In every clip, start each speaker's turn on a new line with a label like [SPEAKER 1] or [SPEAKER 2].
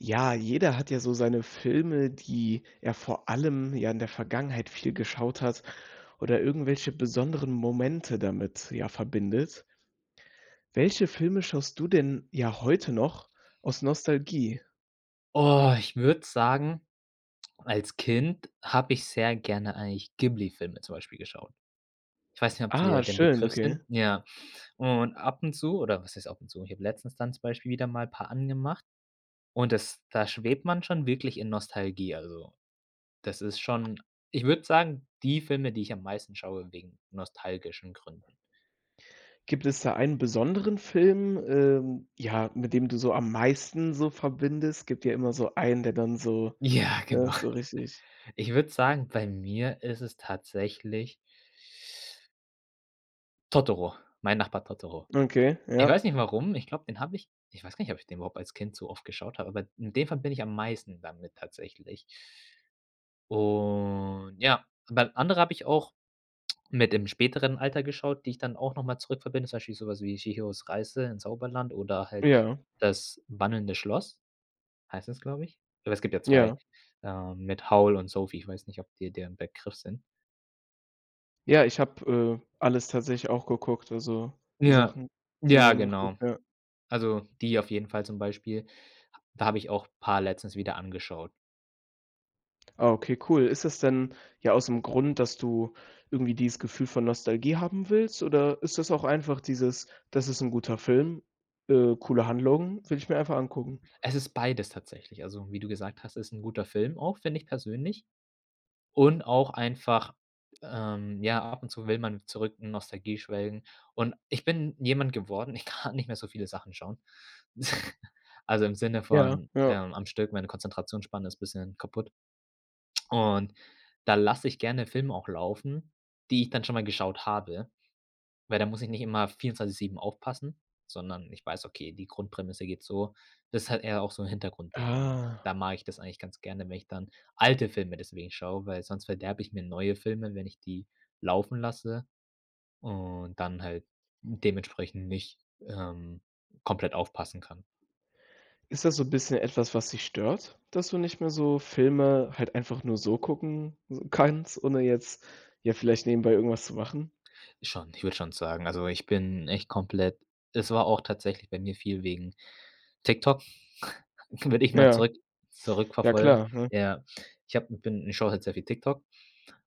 [SPEAKER 1] Ja, jeder hat ja so seine Filme, die er vor allem, ja, in der Vergangenheit viel geschaut hat oder irgendwelche besonderen Momente damit, ja, verbindet. Welche Filme schaust du denn, ja, heute noch aus Nostalgie?
[SPEAKER 2] Oh, ich würde sagen, als Kind habe ich sehr gerne eigentlich Ghibli-Filme zum Beispiel geschaut. Ich weiß nicht, ob
[SPEAKER 1] Ah,
[SPEAKER 2] dir die 'n
[SPEAKER 1] schön,
[SPEAKER 2] Begriff
[SPEAKER 1] okay.
[SPEAKER 2] sind? Ja, und ab und zu oder was heißt ab und zu ich hab letztens dann zum Beispiel wieder mal paar angemacht und das da schwebt man schon wirklich in Nostalgie, also, das ist schon ich würde sagen, die Filme, die ich am meisten schaue wegen nostalgischen Gründen.
[SPEAKER 1] Gibt es da einen besonderen Film, ähm ja, mit dem du so am meisten so verbindest? Gibt ja immer so einen, der dann so,
[SPEAKER 2] Ja,
[SPEAKER 1] ne,
[SPEAKER 2] genau.
[SPEAKER 1] so richtig
[SPEAKER 2] Ich würde sagen, bei mir ist es tatsächlich „Totoro“, „Mein Nachbar Totoro“.
[SPEAKER 1] Okay,
[SPEAKER 2] Ich weiß
[SPEAKER 1] ja.
[SPEAKER 2] nicht warum, ich glaube, den habe ich Ich weiß gar nicht, ob ich den überhaupt als Kind so oft geschaut habe, aber in dem Fall bin ich am meisten damit tatsächlich. Und ja, aber andere habe ich auch mit dem späteren Alter geschaut, die ich dann auch noch mal zurück verbinde. Zum Beispiel so was wie „Chihiros Reise ins Zauberland“ oder halt
[SPEAKER 1] Ja.
[SPEAKER 2] „Das wandelnde Schloss“. Heißt das, glaube ich? Aber es gibt ja 2,
[SPEAKER 1] Ja.
[SPEAKER 2] ähm, mit Howl und Sophie. Ich weiß nicht, ob dir der 'n Begriff sind?
[SPEAKER 1] Ja, ich habe, äh, alles tatsächlich auch geguckt, also, die
[SPEAKER 2] Ja.
[SPEAKER 1] Sachen sind mir
[SPEAKER 2] Ja,
[SPEAKER 1] immer so
[SPEAKER 2] genau.
[SPEAKER 1] ja.
[SPEAKER 2] Also, die auf jeden Fall zum Beispiel. H da habe ich auch paar letztens wieder angeschaut.
[SPEAKER 1] Ah okay, cool. Ist das denn, ja, ausm Grund, dass du irgendwie dieses Gefühl von Nostalgie haben willst, oder ist das auch einfach dieses: „Das ist 'n guter Film, äh, coole Handlungen, will ich mir einfach angucken.“?
[SPEAKER 2] Es ist beides tatsächlich. Also, wie du gesagt hast, ist 'n guter Film auch, finde ich persönlich. Und auch einfach ähm, ja, ab und zu will man zurück in Nostalgie schwelgen. Und ich bin jemand geworden, ich kann nicht mehr so viele Sachen schauen. Also, im Sinne
[SPEAKER 1] Ja,
[SPEAKER 2] von,
[SPEAKER 1] ja.
[SPEAKER 2] ähm, am Stück, meine Konzentrationsspanne ist bisschen kaputt. Und da lasse ich gerne Filme auch laufen, die ich dann schon mal geschaut habe, weil da muss ich nicht immer 24/7 aufpassen, sondern ich weiß, okay, die Grundprämisse geht so das ist halt eher auch so 'n Hintergrund-Ding und
[SPEAKER 1] Ah.
[SPEAKER 2] da mag ich das eigentlich ganz gerne, wenn ich dann alte Filme deswegen schaue, weil sonst verderbe ich mir neue Filme, wenn ich die laufen lasse und dann halt dementsprechend nicht, ähm, komplett aufpassen kann.
[SPEAKER 1] Ist das so 'n bisschen etwas, was dich stört, dass du nicht mehr so Filme halt einfach nur so gucken s kannst, ohne jetzt, ja, vielleicht nebenbei irgendwas zu machen?
[SPEAKER 2] Ist schon ich würde schon sagen also, ich bin echt komplett es war auch tatsächlich bei mir viel wegen TikTok. Würde ich mal
[SPEAKER 1] Ja.
[SPEAKER 2] zurück
[SPEAKER 1] Ja
[SPEAKER 2] zurückverfolgen,
[SPEAKER 1] klar, ne?
[SPEAKER 2] ja. Ich habe m bin ich schaue halt sehr viel TikTok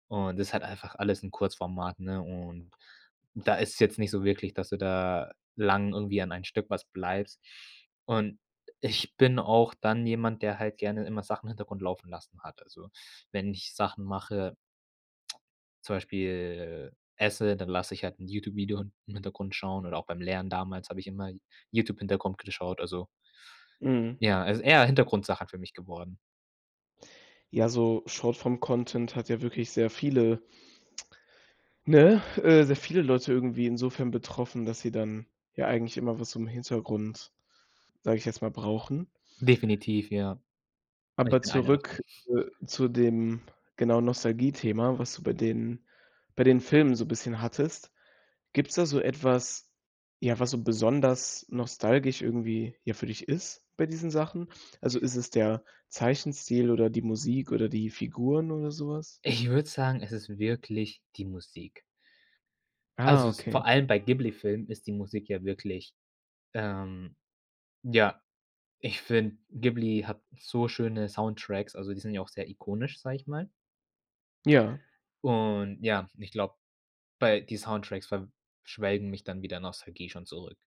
[SPEAKER 2] und das ist halt einfach alles in Kurzformat, ne, und und da ist es jetzt nicht so wirklich, dass du da lang irgendwie an ein Stück was bleibst. Und ich bin auch dann jemand, der halt gerne immer Sachen im Hintergrund laufen lassen hat. Also, wenn ich Sachen mache zum Beispiel, äh, esse, dann lasse ich halt 'n YouTube-Video in im Hintergrund schauen oder auch beim Lernen damals hab ich immer Y YouTube-Hintergrund geschaut, also
[SPEAKER 1] Mhm.
[SPEAKER 2] ja, also eher Hintergrundsachen für mich geworden.
[SPEAKER 1] Ja, so Short-Form-Content hat ja wirklich sehr viele ne, äh, sehr
[SPEAKER 2] [unintelligible]
[SPEAKER 1] viele Leute irgendwie insofern betroffen, dass sie dann, ja, eigentlich immer was zum Hintergrund, sage ich jetzt mal, brauchen.
[SPEAKER 2] Definitiv, ja, und ich
[SPEAKER 1] Aber
[SPEAKER 2] bin einer davon.
[SPEAKER 1] zurück, äh, zu dem, genau, Nostalgiethema, was du bei den bei den Filmen so bisschen hattest. Gibt's da so etwas, ja, was so besonders nostalgisch irgendwie, ja, für dich ist, bei diesen Sachen? Also, ist es der Zeichenstil oder die Musik oder die Figuren oder so was?
[SPEAKER 2] Ich würde sagen, es ist wirklich die Musik.
[SPEAKER 1] Ah,
[SPEAKER 2] Also, es ist
[SPEAKER 1] okay.
[SPEAKER 2] vor allem bei Ghibli-Filmen ist die Musik ja wirklich, ähm ja, ich finde, Ghibli hat so schöne Soundtracks, also die sind ja auch sehr ikonisch, sage ich mal.
[SPEAKER 1] Ja.
[SPEAKER 2] Und ja, ich glaube, bei die Soundtracks ver schwelgen mich dann wieder Nostalgie schon zurück.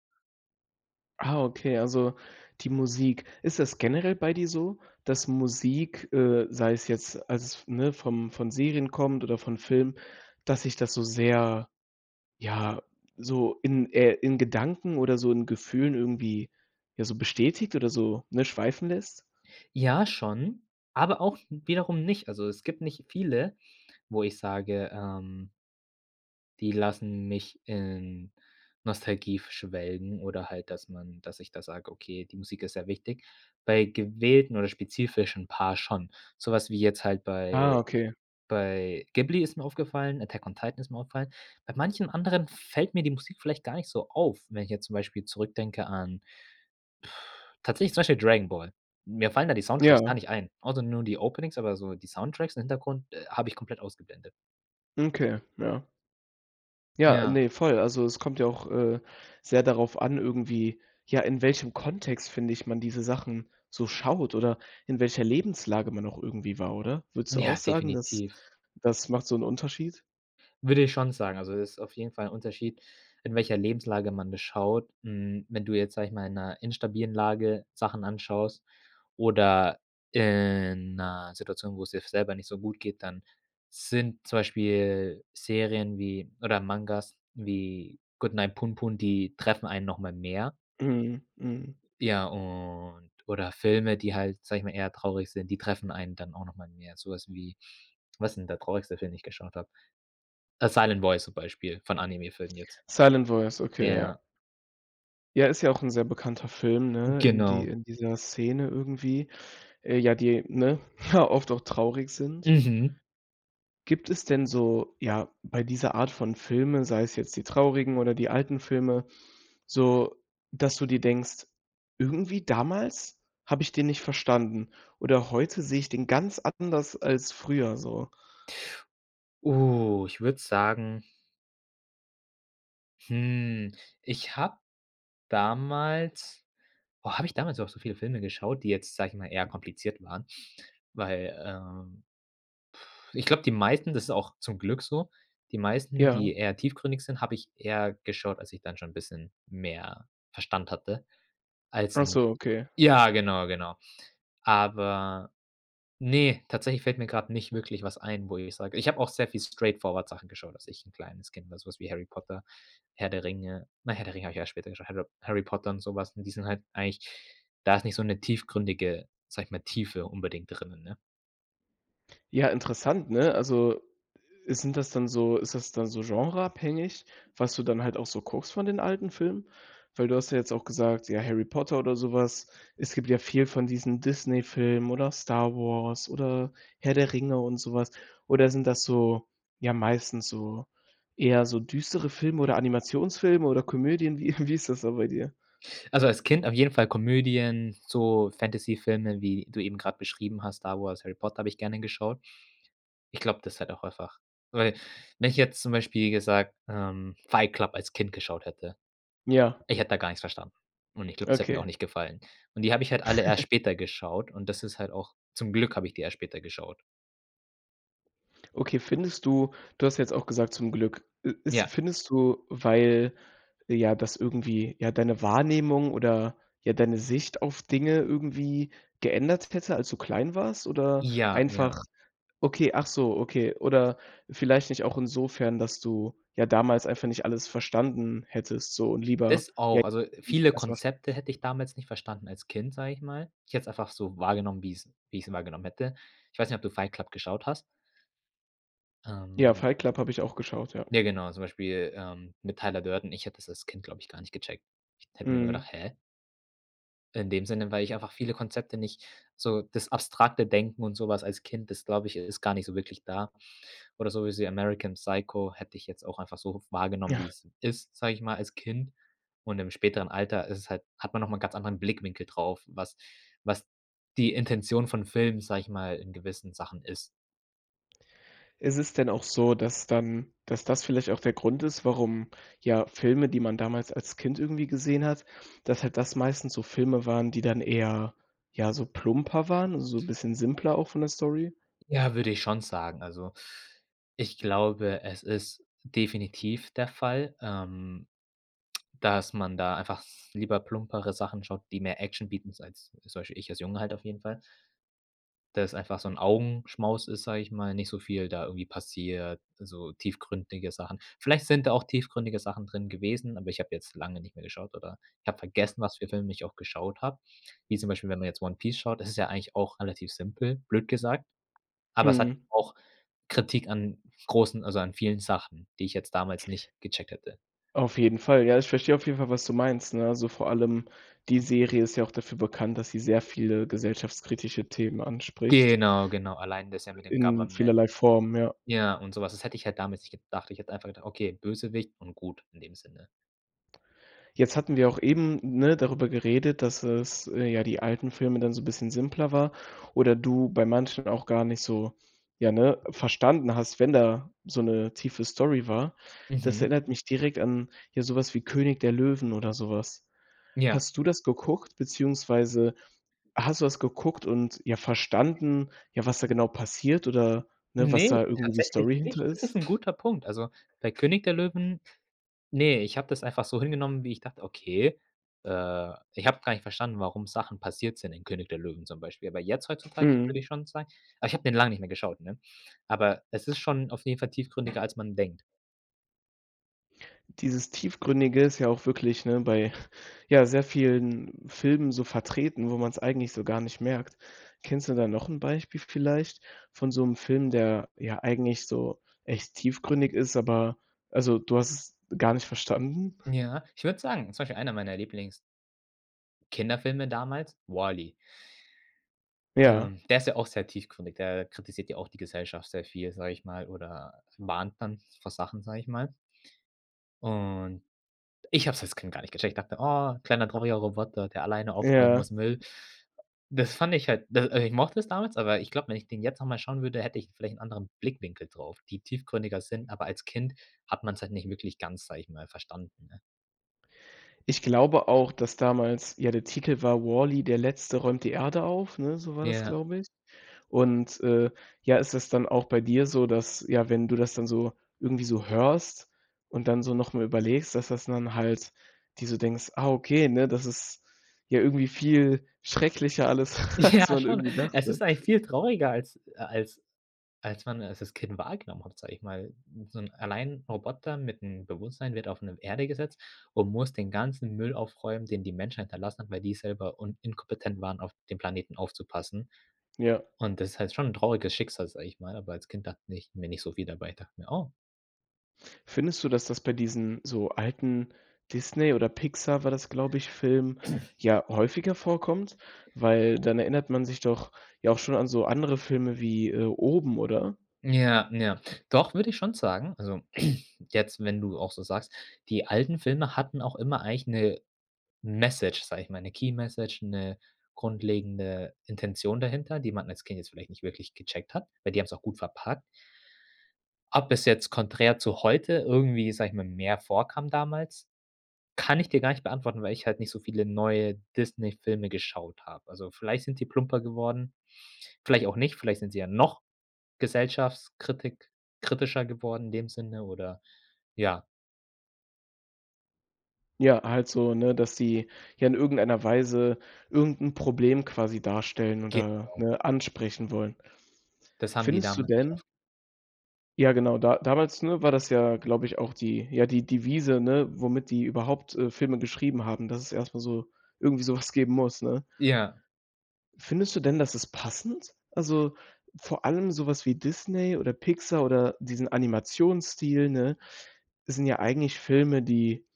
[SPEAKER 1] Ah, okay, also die Musik. Ist das generell bei dir so, dass Musik, äh, sei es jetzt, als es f ne, vom von Serien kommt oder von Filmen, dass dich das so sehr, ja, so in äh, in Gedanken oder so in Gefühlen irgendwie, ja, so bestätigt oder so, ne, schweifen lässt?
[SPEAKER 2] Ja, schon, aber auch wiederum nicht. Also es gibt nicht viele, wo ich sage, ähm die lassen mich in Nostalgie f schwelgen oder halt, dass man dass ich da sage: „Okay, die Musik ist sehr wichtig.“ Bei gewählten oder spezifischen Paar schon. So was wie jetzt halt
[SPEAKER 1] Ah,
[SPEAKER 2] bei
[SPEAKER 1] okay.
[SPEAKER 2] bei Ghibli ist mir aufgefallen, Attack on Titan ist mir aufgefallen. Bei manchem anderem fällt mir die Musik vielleicht gar nicht so auf, wenn ich jetzt zum Beispiel zurückdenke an, tatsächlich zum Beispiel Dragon Ball. Mir fallen da die Soundtracks
[SPEAKER 1] Ja.
[SPEAKER 2] gar nicht ein. Auch so nur die Openings, aber so die Soundtracks im Hintergrund, äh, habe ich komplett ausgeblendet.
[SPEAKER 1] Okay, ja. Ja,
[SPEAKER 2] Ja.
[SPEAKER 1] ne, voll. Also, es kommt ja auch, äh, sehr darauf an irgendwie, ja, in welchem Kontext, finde ich, man diese Sachen so schaut oder in welcher Lebenslage man auch irgendwie war, oder? Würdest du auch
[SPEAKER 2] Ja,
[SPEAKER 1] sagen, das
[SPEAKER 2] definitiv.
[SPEAKER 1] das macht so 'n Unterschied?
[SPEAKER 2] Würde ich schon sagen. Also, es ist auf jeden Fall 'n Unterschied, in welcher Lebenslage man das schaut. Hm, wenn du jetzt, sage ich mal, in 'ner instabilen Lage Sachen anschaust oder in 'ner Situation, wo's dir f selber nicht so gut geht, dann sind zum Beispiel Serien wie oder Mangas wie „Goodnight, Punpun“, die treffen einen noch mal mehr.
[SPEAKER 1] Mhm, mhm.
[SPEAKER 2] Ja, und oder Filme, die halt, sage ich mal, eher traurig sind, die treffen einen dann auch noch mal mehr. So was wie was ist denn der traurigste Film, den ich geschaut habe? „The Silent Voice“, zum Beispiel, von Anime-Filmen jetzt.
[SPEAKER 1] „Silent Voice“, okay, ja.
[SPEAKER 2] Ja.
[SPEAKER 1] Ja, ist ja auch 'n sehr bekannter Film, ne, in die
[SPEAKER 2] Genau.
[SPEAKER 1] in dieser Szene irgendwie, äh, ja, die, ne ja oft auch traurig sind.
[SPEAKER 2] Mhm.
[SPEAKER 1] Gibt es denn so, ja, bei dieser Art von Filme, sei es jetzt die traurigen oder die alten Filme, so, dass du dir denkst: „Irgendwie damals habe ich den nicht verstanden. Oder heute sehe ich den ganz anders als früher, so“?
[SPEAKER 2] Oh, ich würde sagen hm, ich habe damals oh, habe ich damals überhaupt so viele Filme geschaut, die jetzt, sage ich mal, eher kompliziert waren? Weil, ähm ich glaube, die meisten, das ist auch zum Glück so die meisten,
[SPEAKER 1] Ja.
[SPEAKER 2] die eher tiefgründig sind, habe ich eher geschaut, als ich dann schon 'n bisschen mehr Verstand hatte als
[SPEAKER 1] Ach
[SPEAKER 2] 'n
[SPEAKER 1] so, okay.
[SPEAKER 2] ja, genau, genau. Aber ne, tatsächlich fällt mir grad nicht wirklich was ein, wo ich sage ich habe auch sehr viel Straight-Forward-Sachen geschaut, dass ich 'n kleines Kind, sowas wie „Harry Potter“, „Herr der Ringe“ na, „Herr der Ringe“ habe ich ja später geschaut. „Harry Potter“ und so was Und die sind halt eigentlich da ist nicht so 'ne tiefgründige, sage ich mal, Tiefe unbedingt drinnen, ne?
[SPEAKER 1] Ja, interessant, ne? Also, ist sind das dann so ist das dann so genre-abhängig, was du dann halt auch so guckst von den alten Filmen? Weil du hast ja jetzt auch gesagt, ja, „Harry Potter“ oder sowas. Es gibt ja viel von diesen Disney-Filmen oder „Star Wars“ oder „Herr der Ringe“ und sowas. Oder sind das, so ja, meistens so eher so düstere Filme oder Animationsfilme oder Komödien? Wie wie ist das so bei dir?
[SPEAKER 2] Also, als Kind auf jeden Fall Komödien, so Fantasyfilme, wie du eben grad beschrieben hast, „Star Wars“, „Harry Potter“, habe ich gerne geschaut. Ich glaube, das hat auch einfach weil, wenn ich jetzt zum Beispiel gesagt ähm, „Fight Club“ als Kind geschaut hätte,
[SPEAKER 1] Ja.
[SPEAKER 2] ich hätte da gar nichts verstanden. Und ich glaube, das hätte mir auch
[SPEAKER 1] Okay.
[SPEAKER 2] nicht gefallen. Und die habe ich halt alle erst später geschaut, und das ist halt auch zum Glück habe ich die erst später geschaut.
[SPEAKER 1] Okay, findest du du hast jetzt auch gesagt zum Glück, äh, ist
[SPEAKER 2] Ja.
[SPEAKER 1] findest du, weil, ja, das irgendwie, ja, deine Wahrnehmung oder, ja, deine Sicht auf Dinge irgendwie geändert hätte, als du klein warst oder
[SPEAKER 2] Ja, ja.
[SPEAKER 1] einfach okay, ach so, okay. Oder vielleicht nicht auch insofern, dass du ja damals einfach nicht alles verstanden hättest so und lieber,
[SPEAKER 2] Das
[SPEAKER 1] ja
[SPEAKER 2] auch, also, viele
[SPEAKER 1] [unintelligible]
[SPEAKER 2] Konzepte hätte ich damals nicht verstanden als Kind, sage ich mal. Ich hätte es einfach so wahrgenommen, wie ich's wie ich sie wahrgenommen hätte. Ich weiß nicht, ob du “Fight Club“ geschaut hast?
[SPEAKER 1] Ja,
[SPEAKER 2] Ähm.
[SPEAKER 1] „Fight Club“ habe ich auch geschaut, ja.
[SPEAKER 2] Ja, genau, zum Beispiel, ähm, mit Tyler Durden ich hätte das als Kind, glaube ich, gar nicht gecheckt. Ich hätte mir nur
[SPEAKER 1] Mhm.
[SPEAKER 2] gedacht: „Hä?“ In dem Sinne, weil ich einfach viele Konzepte nicht so das abstrakte Denken und sowas als Kind ist glaube ich, ist gar nicht so wirklich da. Oder sowas wie “American Psycho“ hätte ich jetzt auch einfach so wahrgenommen,
[SPEAKER 1] Ja.
[SPEAKER 2] wie es ist, sage ich mal, als Kind. Und im späteren Alter ist es halt hat man noch mal 'n ganz anderen Blickwinkel drauf, was was die Intention von Filmen, sage ich mal, in gewissen Sachen ist.
[SPEAKER 1] Ist es denn auch so, dass dann dass das vielleicht auch der Grund ist, warum ja Filme, die man damals als Kind irgendwie gesehen hat, dass halt das meistens so Filme waren, die dann eher, ja, so plumper waren, so bisschen simpler auch von der Story?
[SPEAKER 2] Ja, würde ich schon sagen. Also, ich glaube, es ist definitiv der Fall, ähm, dass man da einfach lieber plumpere Sachen schaut, die mehr Action bieten, sei es also zum Beispiel, ich als Junge halt auf jeden Fall. Da ist einfach so 'n Augenschmaus ist, sage ich mal, nicht so viel da irgendwie passiert, so tiefgründige Sachen. Vielleicht sind da auch tiefgründige Sachen drin gewesen, aber ich habe jetzt lange nicht mehr geschaut oder ich habe vergessen, was für Filme ich auch geschaut habe. Wie zum Beispiel, wenn man jetzt „One Piece“ schaut, das ist ja eigentlich auch relativ simpel, blöd gesagt, aber es hat
[SPEAKER 1] Mhm.
[SPEAKER 2] auch Kritik an großen, also an vielen Sachen, die ich jetzt damals nicht gecheckt hätte.
[SPEAKER 1] Auf jeden Fall, ja. Ich verstehe auf jeden Fall, was du meinst, ne, also vor allem die Serie ist ja auch dafür bekannt, dass sie sehr viele gesellschaftskritische Themen anspricht.
[SPEAKER 2] Genau, genau, allein das ja mit
[SPEAKER 1] äh,
[SPEAKER 2] dem
[SPEAKER 1] in
[SPEAKER 2] Government.
[SPEAKER 1] vielerlei Form, ja.
[SPEAKER 2] Ja und so was, das hätte ich halt damals nicht gedacht, ich hätte einfach gedacht: „Okay, Bösewicht und gut“, in dem Sinne.
[SPEAKER 1] Jetzt hatten wir auch eben, ne, darüber geredet, dass es äh, ja die alten Filme dann so 'n bisschen simpler war oder du bei manchen auch gar nicht so ja, ne, verstanden hast, wenn da so 'ne tiefe Story war. Das
[SPEAKER 2] Mhm.
[SPEAKER 1] erinnert mich direkt an, ja, so was wie König der Löwen oder so was.
[SPEAKER 2] Ja.
[SPEAKER 1] Hast du das geguckt, beziehungsweise hast du das geguckt und, ja, verstanden, ja, was da genau passiert oder, ne,
[SPEAKER 2] Ne,
[SPEAKER 1] was da irgendwie die
[SPEAKER 2] tatsächlich
[SPEAKER 1] Story
[SPEAKER 2] nicht.
[SPEAKER 1] hinter
[SPEAKER 2] Das
[SPEAKER 1] ist?
[SPEAKER 2] ist 'n guter Punkt. Also bei König der Löwen ne, ich habe das einfach so hingenommen, wie ich dachte. Okay, äh, ich habe gar nicht verstanden, warum Sachen passiert sind in König der Löwen zum Beispiel, aber jetzt heutzutage würde
[SPEAKER 1] Mhm.
[SPEAKER 2] ich schon sagen, aber ich habe den langen nicht mehr geschaut, ne? Aber es ist schon auf jeden Fall tiefgründiger, als man denkt.
[SPEAKER 1] Dieses Tiefgründige ist ja auch wirklich, ne, bei ja sehr vielen Filmen so vertreten, wo man's eigentlich so gar nicht merkt. Kennst du da noch 'n Beispiel vielleicht von so 'nem Film, der, ja, eigentlich so echt tiefgründig ist, aber also, du hast es gar nicht verstanden?
[SPEAKER 2] Ja, ich würde sagen zum Beispiel einer meiner Lieblings Kinderfilme damals: „WALL-E“.
[SPEAKER 1] Ja.
[SPEAKER 2] Ähm, der ist ja auch sehr tiefgründig. Der kritisiert ja auch die Gesellschaft sehr viel, sage ich mal, oder mahnt dann vor Sachen, sage ich mal. Und ich habe es als Kind gar nicht gecheckt. Ich dachte: „Oh, kleiner drolliger Roboter, der alleine aufräumen
[SPEAKER 1] Ja.
[SPEAKER 2] muss, Müll.“ Das fand ich halt, d äh, ich mochte es damals, aber ich glaube, wenn ich den jetzt noch mal schauen würde, hätte ich vielleicht 'n anderen Blickwinkel drauf, die tiefgründiger sind, aber als Kind hat man's halt nicht wirklich ganz, sage ich mal, verstanden, ne?
[SPEAKER 1] Ich glaube auch, dass damals ja, der Titel war: „WALL-E, der Letzte räumt die Erde auf“, ne, so war das,
[SPEAKER 2] Ja.
[SPEAKER 1] glaube ich. Und, äh, ja, ist das dann auch bei dir so, dass ja, wenn du das dann so irgendwie so hörst und dann so noch mal überlegst, dass dass dann halt dir so denkst: „Ah okay, ne, das ist ja irgendwie viel schrecklicher alles, als
[SPEAKER 2] Ja,
[SPEAKER 1] man
[SPEAKER 2] schon.
[SPEAKER 1] irgendwie
[SPEAKER 2] Es ist
[SPEAKER 1] dachte.“
[SPEAKER 2] eigentlich viel trauriger als äh, als als man es als Kind wahrgenommen hat, sage ich mal. So 'n allein Roboter mit 'nem Bewusstsein wird auf 'ne Erde gesetzt und muss den ganzen Müll aufräumen, den die Menschheit hinterlassen hat, weil die selber un inkompetent waren, auf den Planeten aufzupassen.
[SPEAKER 1] Ja.
[SPEAKER 2] Und das ist halt schon 'n trauriges Schicksal, sage ich mal, aber als Kind dachte ich mir nicht so viel dabei, ich dachte mir: „Oh“
[SPEAKER 1] Findest du, dass das bei diesen, so, alten Disney oder Pixar, war das glaube ich, Filmen, ja, häufiger vorkommt, weil dann erinnert man sich doch ja auch schon an so andere Filme wie, äh, Oben oder?
[SPEAKER 2] Ja, ja, doch würde ich schon sagen, also jetzt, wenn du auch so sagst. Die alten Filme hatten auch immer eigentlich 'ne Message, sage ich mal, 'ne Key-Message, 'ne grundlegende Intention dahinter, die man als Kind jetzt vielleicht nicht wirklich gecheckt hat, weil die haben's auch gut verpackt. Ob es jetzt konträr zu heute irgendwie, sage ich mal, mehr vorkam damals, kann ich dir gar nicht beantworten, weil ich halt nicht so viele neue Disneyfilme geschaut habe. Also vielleicht sind die plumper geworden, vielleicht auch nicht, vielleicht sind sie ja noch Gesellschaftskritik kritischer geworden, in dem Sinne, oder, ja.
[SPEAKER 1] Ja, halt so, ne, dass die, ja, in irgendeiner Weise irgend 'n Problem quasi darstellen oder,
[SPEAKER 2] Genau.
[SPEAKER 1] ne, ansprechen wollen.
[SPEAKER 2] Das haben die
[SPEAKER 1] Findest du
[SPEAKER 2] damals eigentlich oft
[SPEAKER 1] denn ja genau. Da damals, ne, war das ja glaube ich auch die ja, die Devise, ne, womit die überhaupt, äh, Filme geschrieben haben, dass es erst mal so irgendwie sowas geben muss, ne?
[SPEAKER 2] Ja.
[SPEAKER 1] Findest du denn, dass ist passend? Also, vor allem sowas wie Disney oder Pixar oder diesen Animationsstil, ne? Sind ja eigentlich Filme, die,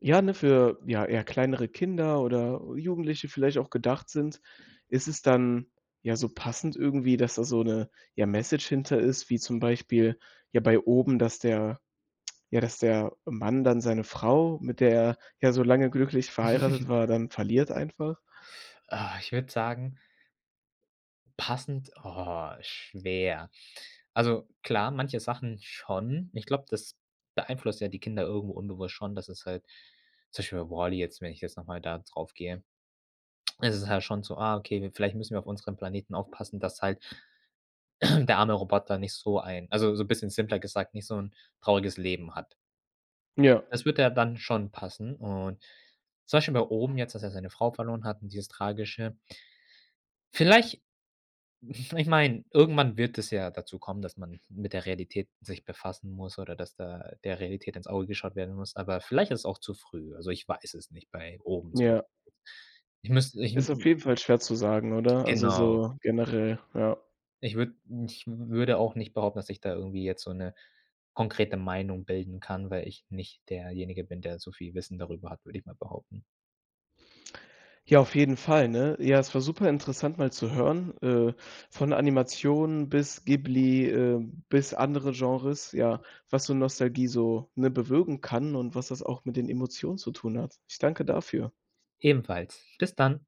[SPEAKER 1] ja, ne, für, ja, eher kleinere Kinder oder Jugendliche vielleicht auch gedacht sind. Ist es dann, ja, so passend irgendwie, dass da so 'ne, ja, Message hinter ist, wie zum Beispiel, ja, bei Oben, dass der ja, dass der Mann dann seine Frau, mit der er, ja, so lange glücklich verheiratet war, dann verliert einfach?
[SPEAKER 2] Ah, ich würde sagen passend? Oh, schwer. Also, klar, manche Sachen schon. Ich glaube, das beeinflusst ja die Kinder irgendwo unbewusst schon, dass es halt zum Beispiel bei WALL-E jetzt, wenn ich jetzt noch mal da drauf gehe, ist es halt schon so: „Ah okay, wir vielleicht müssen wir auf unseren Planeten aufpassen, dass halt der arme Roboter nicht so ein also, so 'n bisschen simpler gesagt, nicht so 'n trauriges Leben hat.“
[SPEAKER 1] Ja.
[SPEAKER 2] Das würde ja dann schon passen und zum Beispiel bei Oben jetzt, dass er seine Frau verloren hat und dieses Tragische. Vielleicht, ich meine, irgendwann wird es ja dazu kommen, dass man mit der Realität sich befassen muss oder dass da der Realität ins Auge geschaut werden muss, aber vielleicht ist es auch zu früh. Also, ich weiß es nicht, bei Oben zum Beispiel.
[SPEAKER 1] Ja.
[SPEAKER 2] Ich müsste ich m
[SPEAKER 1] Ist auf
[SPEAKER 2] m
[SPEAKER 1] jeden Fall schwer zu sagen, oder? Also
[SPEAKER 2] Genau.
[SPEAKER 1] so generell, ja.
[SPEAKER 2] Ich würde ich würde auch nicht behaupten, dass ich da irgendwie jetzt so 'ne konkrete Meinung bilden kann, weil ich nicht derjenige bin, der so viel Wissen darüber hat, würde ich mal behaupten.
[SPEAKER 1] Ja, auf jeden Fall, ne? Ja, es war super interessant, mal zu hören, äh, von Animationen bis Ghibli, äh, bis andere Genres, ja, was so Nostalgie so, ne, bewirken kann und was das auch mit den Emotionen zu tun hat. Ich danke dafür.
[SPEAKER 2] Ebenfalls. Bis dann.